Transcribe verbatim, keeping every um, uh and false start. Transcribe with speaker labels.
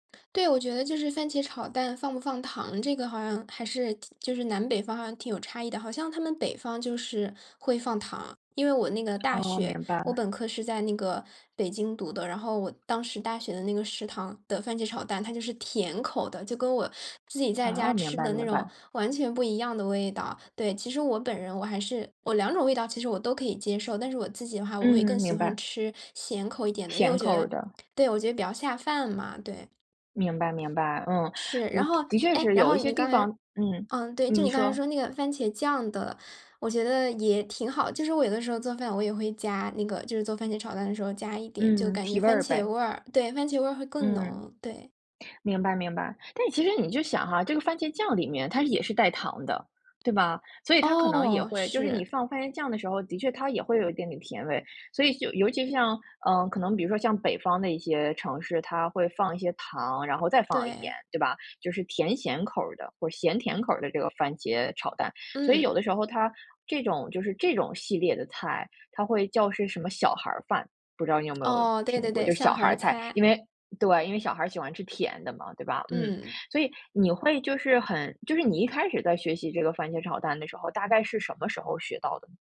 Speaker 1: 对，我觉得就是番茄炒蛋放不放糖，这个好像还是挺就是南北方好像挺有差异的。好像他们北方就是，会放糖。因为我那个大
Speaker 2: 哦，
Speaker 1: 学，
Speaker 2: 明白
Speaker 1: 我
Speaker 2: 了。
Speaker 1: 本科是在那个，北京读的，然后我当时大学的那个食堂的番茄炒蛋，它就是甜口的，就跟我，自己在
Speaker 2: 哦，
Speaker 1: 家
Speaker 2: 明
Speaker 1: 吃
Speaker 2: 白
Speaker 1: 的那
Speaker 2: 明
Speaker 1: 种
Speaker 2: 白。
Speaker 1: 完全不一样的味道。对，其实我本人，我还是我两种味道，其实我都可以接受，但是我自己的话，我会
Speaker 2: 嗯，
Speaker 1: 更喜
Speaker 2: 明
Speaker 1: 欢
Speaker 2: 白。
Speaker 1: 吃，咸口一点的，因为
Speaker 2: 咸
Speaker 1: 我
Speaker 2: 口
Speaker 1: 觉
Speaker 2: 儿
Speaker 1: 得
Speaker 2: 的。
Speaker 1: 对，我觉得比较下饭嘛，对。
Speaker 2: 明白明白，嗯。
Speaker 1: 是，
Speaker 2: 呃，
Speaker 1: 然后
Speaker 2: 的确
Speaker 1: 哎，
Speaker 2: 是
Speaker 1: 然
Speaker 2: 有
Speaker 1: 后
Speaker 2: 一些
Speaker 1: 你
Speaker 2: 地
Speaker 1: 刚
Speaker 2: 方
Speaker 1: 才
Speaker 2: 嗯，
Speaker 1: 嗯，对，就
Speaker 2: 嗯，你
Speaker 1: 你刚才
Speaker 2: 说。
Speaker 1: 说那个番茄酱的，我觉得也挺好。就是我有的时候做饭我也会加那个就是做番茄炒蛋的时候加一点，就
Speaker 2: 嗯，
Speaker 1: 感觉
Speaker 2: 提味
Speaker 1: 番
Speaker 2: 儿
Speaker 1: 茄
Speaker 2: 呗。
Speaker 1: 味儿对，番茄味儿会更
Speaker 2: 嗯。
Speaker 1: 浓，对。
Speaker 2: 明白明白，但其实你就想哈，这个番茄酱里面它也是带糖的，对吧？所以它可能也
Speaker 1: 哦，
Speaker 2: 会就是
Speaker 1: 是。
Speaker 2: 你放番茄酱的时候，的确它也会有一点点甜味，所以就尤其就像，嗯，可能比如说像北方的一些城市，它会放一些糖，然后再放盐，
Speaker 1: 对。
Speaker 2: 对吧？就是甜咸口儿的，或咸甜口儿的这个番茄炒蛋。所以有
Speaker 1: 嗯。
Speaker 2: 的时候它这种就是这种系列的菜，它会叫是什么小孩儿饭，不知道你有没有
Speaker 1: 哦，对
Speaker 2: 听
Speaker 1: 对
Speaker 2: 过？
Speaker 1: 对，
Speaker 2: 就
Speaker 1: 小
Speaker 2: 小孩
Speaker 1: 孩
Speaker 2: 儿
Speaker 1: 儿
Speaker 2: 菜，因
Speaker 1: 菜。
Speaker 2: 为对，因为小孩儿喜欢吃甜的嘛，对吧？嗯，
Speaker 1: 嗯。
Speaker 2: 所以你会就是很就是你一开始在学习这个番茄炒蛋的时候，大概是什么时候学到的呢？